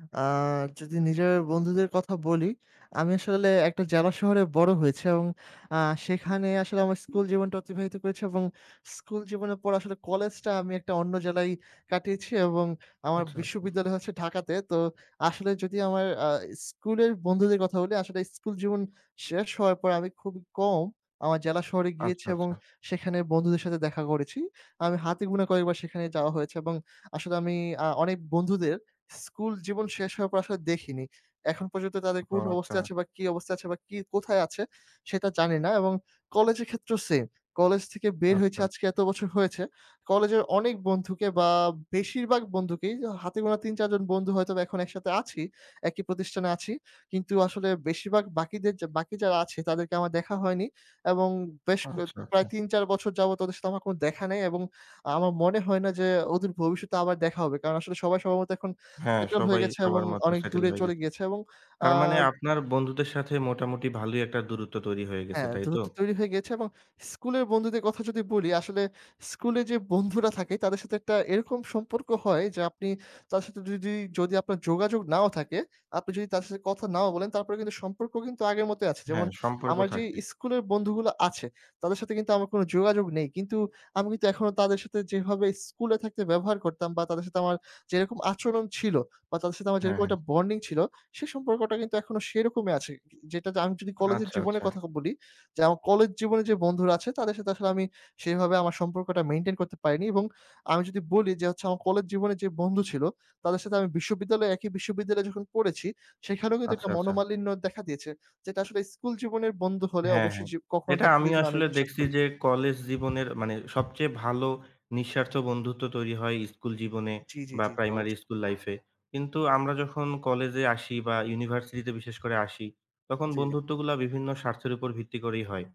আ যদি নিজের বন্ধুদের কথা বলি, আমি আসলে একটা জেলা শহরে বড় হয়েছি এবং আ সেখানে আসলে আমার স্কুল জীবনটা অতিবাহিত করেছি এবং স্কুল জীবনের পর আসলে কলেজটা আমি একটা অন্য জেলায় কাটিয়েছি এবং আমার আচ্ছা, আচ্ছা। বিশ্ববিদ্যালয় হচ্ছে ঢাকাতে। তো, আসলে যদি আমার আ স্কুলের বন্ধুদের কথা বলি, আসলে স্কুল জীবন শেষ হওয়ার পরে আমি খুবই কম, আমার জেলা শহরে গিয়েছি আচ্ছা, এবং আচ্ছা। সেখানে বন্ধুদের সাথে দেখা করেছি। আমার হাতে গোনা কয়েকবার সেখানে যাওয়া হয়েছে এবং আসলে আমি আ অনেক বন্ধুদের স্কুল জীবন শেষ হওয়ার পর, আসলে দেখিনি। এখন পর্যন্ত তাদের ও! কোন অবস্থায় আচ্ছা। আছে বা কি অবস্থায় আছে বা কি, কোথায় আছে? সেটা জানিনা এবং কলেজের ক্ষেত্রেও সেইম। কলেজ থেকে বের হয়েছি, আচ্ছা। আজকে এত বছর হয়েছে। কলেজের অনেক বন্ধুকে বা বেশিরভাগ বন্ধুকেই হাতে গোনা ৩, ৪ জন বন্ধু হয়তোবা এখন একসাথে আছি, একই প্রতিষ্ঠানে আছি। কিন্তু আসলে বেশিরভাগ বাকিদের যে বাকি যারা আছে, তাদেরকে আমার দেখা হয়নি এবং বেশ ক আচ্ছা, আচ্ছা। প্রায় ৩, ৪ বছর যাবৎ ওদের সাথে আমার কোন দেখা নেই এবং আমার মনে হয় না যে, অদূর ভবিষ্যতে আবার দেখা হবে। কারণ আসলে সবাই সম্ভবত এখন হ্যাঁ, সেটেল হয়ে সবাই গেছে এবং সবার মতো অনেক সেটল দূরে হয়ে চলে গেছে। গিয়েছে এবং আ তার মানে, আপনার বন্ধুদের সাথে মোটামুটি ভালোই একটা দূরত্ব তৈরি হয়ে গেছে, হ্যাঁ, তাই তো? দূরত্ব তৈরি হয়ে গেছে এবং স্কুলের বন্ধুদের কথা যদি বলি, আসলে স্কুলে যে বন্ধুরা থাকে, তাদের সাথে একটা এরকম সম্পর্ক হয় যে, আপনি তাদের সাথে যদি, যদি আপনার যোগাযোগ নাও থাকে, আপনি যদি তাদের সাথে কথা নাও বলেন, তারপরেও কিন্তু সম্পর্ক কিন্তু আগের মতই আছে। যেমন হ্যাঁ, সম্পর্ক আমার যেই থাকে। ইস্কুলের বন্ধুগুলো আছে, তাদের সাথে কিন্তু আমার কোন যোগাযোগ নেই। কিন্তু আমি কিন্তু এখনও তাদের সাথে যেভাবে স্কুলে থাকতে ব্যবহার করতাম, বা তাদের সাথে আমার যেরকম আচরণ ছিল, বা তাদের সাথে আমার হ্যাঁ, যেরকম হ্যাঁ। একটা বন্ডিং ছিল, সে সম্পর্কটা কিন্তু এখনও সেইরকমই আছে। যেটা আমি যদি কলেজের আচ্ছা, জীবনের আচ্ছা। কথা খ বলি যে, আমার কলেজ জীবনে যে বন্ধুরা আছে, তাদের সাথে আসলে আমি সেইভাবে আমার সম্পর্কটা মেইনটেইন করতে পারিনি এবং আমি যদি বলি যে, হচ্ছে আমার কলেজ জীবনে যে বন্ধু ছিল, তাদের সাথে আমি বিশ্ববিদ্যালয়ে, একই বিশ্ববিদ্যালয়ে যখন পড়েছি, সেখানেও কিন্তু আচ্ছা, একটা আচ্ছা। মনোমালিন্য দেখা দিয়েছে। যেটা আসলে স্কুল জীবনের বন্ধু হলে, হ্যাঁ, অবশ্যই হ্যাঁ। যে কখনো এটা দেখা আমি দিত না, আমি আসলে বিশ্বাস দেখছি করি। যে, কলেজ জীবনের মানে, সবচেয়ে ভালো নিঃস্বার্থ বন্ধুত্ব তৈরি হয় ইস্কুল জীবনে জ্বী, জ্বী, বা জ্বী, জ্বী। প্রাইমারি অবশ্য ইস্কুল লাইফে। কিন্তু আমরা যখন কলেজ-এ আসি বা ইউনিভার্সিটি-তে বিশেষ করে আসি, তখন জ্বী, জ্বী বন্ধুত্বগুলো বিভিন্ন স্বার্থের উপর ভিত্তি করেই হয়।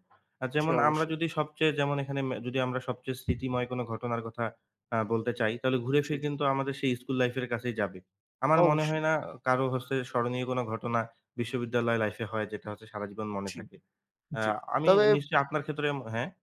জ্বী, যেমন, আমরা অবশ্যই। যদি সবচেয়ে যেমন এখানে ম্যা যদি আমরা সবচেয়ে স্মৃতিময় কোনো ঘটনার কথা অ্যা বলতে চাই, তাহলে জ্বী, ঘুরে-ফিরে জ্বী। কিন্তু আমাদের সেই ইস্কুল লাইফ এর কাছেই যাবে। আমার মনে অবশ্যই। হয় না, অ কারো হচ্ছে স্মরণীয় কোনো ঘটনা বিশ্ববিদ্যালয় লাইফ এ হয়, যেটা হচ্ছে সারা জীবন মনে জ্বী, থাকে। অ্যা জ্বী। আমি তবে নিশ্চয়ই আপনার ক্ষেত্রে এম হ্যাঁ?